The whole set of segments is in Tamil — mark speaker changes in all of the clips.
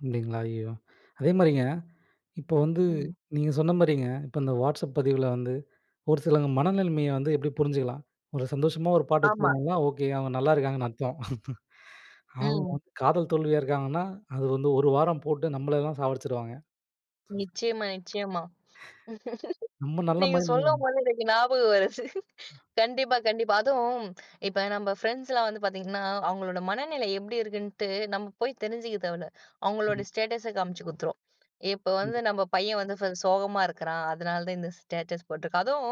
Speaker 1: அப்டிங்களா, ஐயோ! அதே மாரிங்க, இப்ப வந்து
Speaker 2: ம்.
Speaker 1: நீங்கச் சொன்ன மாரிங்க, இப்ப இந்த வாட்சப் பதிவுல வந்து ஒரு சிலங்க மனநலமைய வந்து எப்டி புரிஞ்சுக்கலாம். ஒரு சந்தோஷமா ஒரு பாட்டு
Speaker 2: ஆமா.
Speaker 1: வச்சிருந்தாங்கன்னா, ஓகே அவங்க நல்லா இருக்காங்கன்னு அர்த்தம். அவங்க
Speaker 2: ம்.
Speaker 1: காதல் தோல்வியா இருக்காங்கன்னா, அது வந்து 1 வாரம் போட்டு நம்மளலாம் சாவடிச்சிடுவாங்க.
Speaker 2: நிச்சியமா நிச்சியமா.
Speaker 1: நம்ம நல்ல
Speaker 2: நீங்க
Speaker 1: மைன்ட்ல
Speaker 2: சொல்லும்போது எனக்கு ஞாபகம் வருது. கண்டிப்பா கண்டிப்பா. அதுவும் இப்ப நம்ம ஃபிரண்ட்ஸ்லாம் வந்து பார்த்தீங்கன்னா, அவங்களோட மனநிலை எப்டி இருக்குன்ட்டு நம்ம போய் தெரிஞ்சுக்க தேவல்ல.
Speaker 1: ஆமா.
Speaker 2: அவங்களோட ஸ்டேட்டஸ் காமிச்சு குடுத்துரும். இப்ப வந்து
Speaker 1: கண்டிப்பா.
Speaker 2: நம்ம பையன் வந்து வ சோகமா இருக்குறான். அதனால தான் இந்த ஸ்டேட்டஸ் போட்டு இருக்கான். அதும்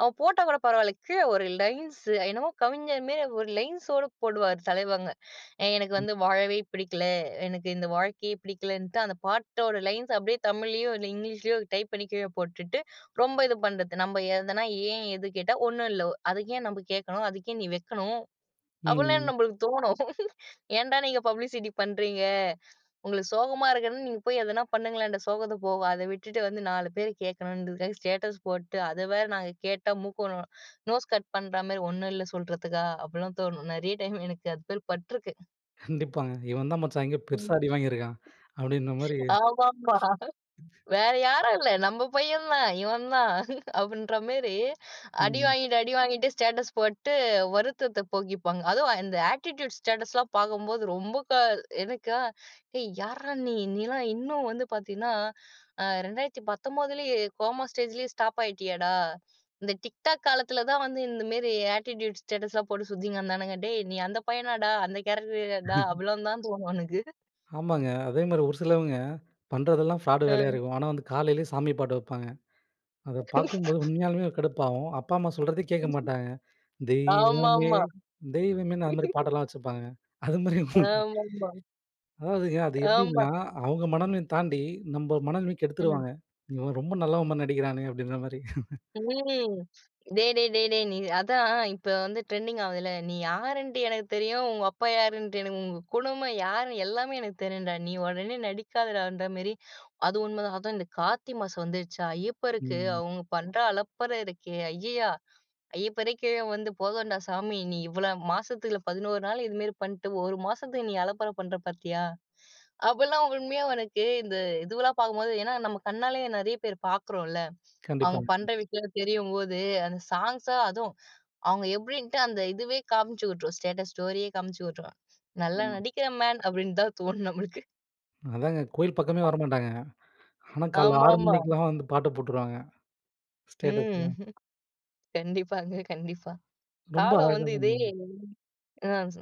Speaker 2: அவன் போட்டா கூடப் பரவால்ல. கீழ ஒரு லைன்ஸு என்னமோ கவிஞர் மாரி ஒரு லைன்ஸு ஓட போடுவாரு தலைவங்க. எனக்கு
Speaker 1: ம்.
Speaker 2: வந்து வாழவே பிடிக்கல. எனக்கு இந்த வாழ்க்கையே பிடிக்கலன்டு அந்தப் பாட்டோட லைன்ஸு அப்டியே தமிழ்லையோ, இங்கிலீஷ்லையோ டைப் பண்ணிக் கீழ போட்டுட்டு, ரொம்ப இது பண்றது. நம்ம எதுனா ஏன்? எதுக்கு? ஒண்ணும் இல்ல. அதுக்கு ஏன் நம்ப கேக்கணும்? அதுக்கு ஏன் நீ வெக்கணும்? அப்டின்னு
Speaker 1: ம்.
Speaker 2: நம்மளுக்குத் தோணும். ஏன்டா நீங்கப் பப்ளிசிட்டி பண்றீங்க? உங்களுக்குச் சோகமா இருக்குனா நீங்க போய் எதன பண்ணுங்களேன் அந்த சோகத்த போக. அத விட்டுட்டு வந்து 4 பேர் கேக்கணும்னுங்கறதுக்காக ஸ்டேட்டஸ் போட்டு, அத வேற நாங்க கேட்டா மூக்கு நோ நோஸ் கட் பண்ற மாரி ''ஒண்ணும் இல்ல'' சொல்றதுக்கா? அபிட்லாம் தோணும். நெறைய டைம் எனக்கு அது மாரி பட்ருக்கு.
Speaker 1: கண்டிப்பாங்க. "இவன் தான் மச்சான் எங்கயோ
Speaker 2: ம்.
Speaker 1: பெருசா அடிவாங்கிருக்கான்" அப்டின்ன மாரி
Speaker 2: ஆமாமா. வேற யாரும் இல்ல. நம்ம பையன் தான், இவன் தான் அப்டின்ற மாரி அடி
Speaker 1: ம்.
Speaker 2: வாங்கிட்டு அடி வாங்கிட்டு ஸ்டேட்டஸ் போட்டு வருத்தத்தப் போக்கிப்பாங்க. அது இந்த ஆட்டிட்யூட் ஸ்டேட்டஸ்லாம் பார்க்கும்போது ரொம்பக்கா எனக்கா எ யார்ரா நீ? நீலாம் இன்னும் வந்து பார்த்தீன்னா, அ 2019லயே கோமா ஸ்டேஜ்லயே ஸ்டாப் ஆயிட்டியேடா. இந்த டிக்டாக் காலத்துல தான் வந்து இந்த மாரி ஆட்டிட்யூட் ஸ்டேட்டஸ்லாம் போட்டுச் சுத்திங்க்கெடந்தானுங்க. டேய் நீ அந்தப் பையனாடா? அந்த கேரக்டர்டா? அவ்வளவு தான் உனக்கு.
Speaker 1: ஆமாங்க. அதே மாரி ஒரு சிலவங்க பண்றதெல்லாம் ஃப்ராடு வேலையா
Speaker 2: அ.
Speaker 1: இருக்கும். ஆனா வந்து காலையிளே சாமி பாட்டு வப்பாங்க. அதப் பார்க்கும்போது உண்மையாலுமே ஒரு கடுப்பாவும். அப்பா அம்மா சொல்றத கேட்கமாட்டாங்க. "தெய்வமே
Speaker 2: ஆமாமா.
Speaker 1: தெய்வமேன்னு" அந்த மாரி பாட்டெல்லாம் வச்சிருப்பாங்கங்க. அது மாரி
Speaker 2: ஆமாமா.
Speaker 1: அதாதுங்க அது
Speaker 2: ஆமா.
Speaker 1: எப்டின்னா, அவங்க மனநிலை தாண்டி நம்ம மனநிலமைக்
Speaker 2: ம்.
Speaker 1: கெடுத்துருவாங்க. இவன் ரொம்ப நல்லவன் மாரி நடிக்கிறானே அப்டின்ற மாரி.
Speaker 2: ம். டேய் டேய் டேய் டேய். நீ அதான். இப்ப வந்து டிரெண்டிங் ஆவுதுல்ல. நீ யாருன்ட்டு எனக்குத் தெரியும். உங்க அப்பா யாருன்ட்டு, எனக்கு உங்க குடும்பம் யாருன்னு எல்லாமே எனக்குத் தெரியும்டா. நீ உடனே நடிக்காதடான்ற மாரி. அது உண்ம தான். அதும் இந்தக் கார்த்தி மாசம் வந்துருச்சா? ஐயப்பருக்கு
Speaker 1: ம்.
Speaker 2: அவங்க பண்ற அலப்பற இருக்கே. ஐயையா! ஐயப்பரே கீழ வந்து, போதும்டா சாமி நீ இவ்ளோ மாசத்துல 11 நாள் இது மாரி பண்ட்டு, 1 மாசத்துக்கு நீ அலப்பற பண்ற பாத்தியா. அப்டிலாம் உண்மையா உனக்கு இந்த இதுவலாம் பாக்கும்போது, ஏன்னா நம்ம கண்ணாலயே நெறைய பேர் பாக்குறோம்ல. அவங்க
Speaker 1: கண்டிப்பாங்க.
Speaker 2: பண்ற விஷயங்கள் தெரியும்போது அந்தச் ஸாங்க்ஸா அதுவும் அவங்க எப்டின்ட்டு அந்த இதுவே காமிச்சுட்டுரும், ஸ்டேட்டஸ் ஸ்டோரியே காமிச்சுட்டுரும். நல்லா
Speaker 1: ஆமாங்க.
Speaker 2: நடிக்கிற மேன் அப்டினு தான் தோணும் நம்மளுக்கு.
Speaker 1: அதாங்க கோயில் பக்கமே வரமாட்டாங்க. ஆனா கால்ல 6
Speaker 2: ஆமாமா.
Speaker 1: மணிக்கெல்லாம் வந்து பாட்டு போட்டுருவாங்க, ஸ்டேட்டஸ்ல
Speaker 2: ம். கண்டிப்பாங்க கண்டிப்பா.
Speaker 1: ரொம்ப
Speaker 2: காலம்
Speaker 1: அழகா
Speaker 2: வந்து இதே
Speaker 1: சொன்னீங்க.
Speaker 2: ஆ